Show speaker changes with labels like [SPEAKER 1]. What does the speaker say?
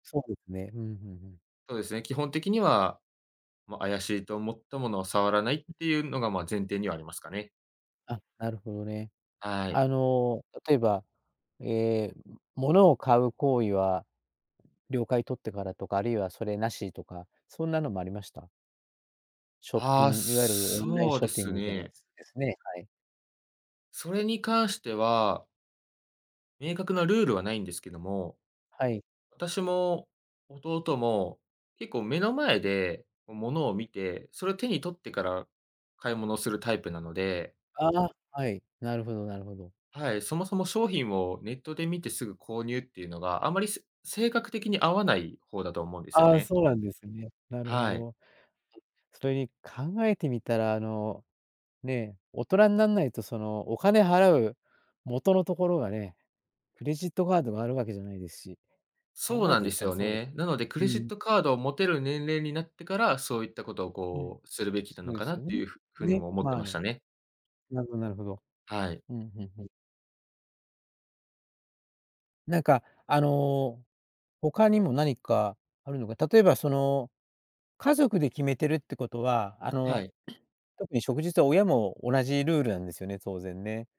[SPEAKER 1] そうですね、うん、ふんふん。
[SPEAKER 2] そうですね、基本的には、ま、怪しいと思ったものは触らないっ
[SPEAKER 1] うん。
[SPEAKER 2] ていうのが、まあ、前提にはありますかね。
[SPEAKER 1] あ、なるほどね。
[SPEAKER 2] はい。
[SPEAKER 1] あの、例えば、ええ、うん、物を買う行為は了解取ってからとか、あるいはそれなしとか、そんなのもありました？ショッ
[SPEAKER 2] あ
[SPEAKER 1] ピ
[SPEAKER 2] あ、
[SPEAKER 1] ンいわゆるオンライン
[SPEAKER 2] そう
[SPEAKER 1] シ
[SPEAKER 2] で
[SPEAKER 1] ョッピン
[SPEAKER 2] す
[SPEAKER 1] グみたいなや
[SPEAKER 2] ね。
[SPEAKER 1] つですね、はい。
[SPEAKER 2] それに関しては明確なルールはないんですけども、
[SPEAKER 1] はい。
[SPEAKER 2] 私も弟も、結構目の前で、おものを見て、それ手に取ってから買い物するタイプなので
[SPEAKER 1] ああ、はい、なるほどなるほど。
[SPEAKER 2] はい、そもそも商品をネットで見てすぐ購入っていうのが、あまり、す性格的に合わない方だと思うんですよ
[SPEAKER 1] ああ、
[SPEAKER 2] ね。
[SPEAKER 1] そうなんですね。なるほ
[SPEAKER 2] はい。
[SPEAKER 1] ど。それに、考えてみたら、あの、ね、大人んなんないと、その、お金払う、元のところがね、クレジットカードがあるわけじゃないですし、考
[SPEAKER 2] そう
[SPEAKER 1] え
[SPEAKER 2] なん
[SPEAKER 1] て
[SPEAKER 2] で
[SPEAKER 1] み
[SPEAKER 2] す
[SPEAKER 1] たら
[SPEAKER 2] よ
[SPEAKER 1] そうで
[SPEAKER 2] ね。なので、ク
[SPEAKER 1] う
[SPEAKER 2] レジッ
[SPEAKER 1] ん。
[SPEAKER 2] トカードを持てる年齢になってから、そういったことを
[SPEAKER 1] うん、
[SPEAKER 2] こう、するべき
[SPEAKER 1] そ
[SPEAKER 2] なの
[SPEAKER 1] うで
[SPEAKER 2] かな
[SPEAKER 1] す
[SPEAKER 2] っ
[SPEAKER 1] よ
[SPEAKER 2] て
[SPEAKER 1] ね。
[SPEAKER 2] いうふ風に
[SPEAKER 1] ね、
[SPEAKER 2] も思って
[SPEAKER 1] まあ
[SPEAKER 2] ました
[SPEAKER 1] ね。
[SPEAKER 2] ね。
[SPEAKER 1] などなるほど。
[SPEAKER 2] はい。
[SPEAKER 1] うん、ふんふん。なんか、あの、他にも何かあるのか、例えばその、家族で決めてるってことは、あ
[SPEAKER 2] は
[SPEAKER 1] の、
[SPEAKER 2] い。
[SPEAKER 1] 特に、しょくじつ、親も同じルールなんですよね？当然ね。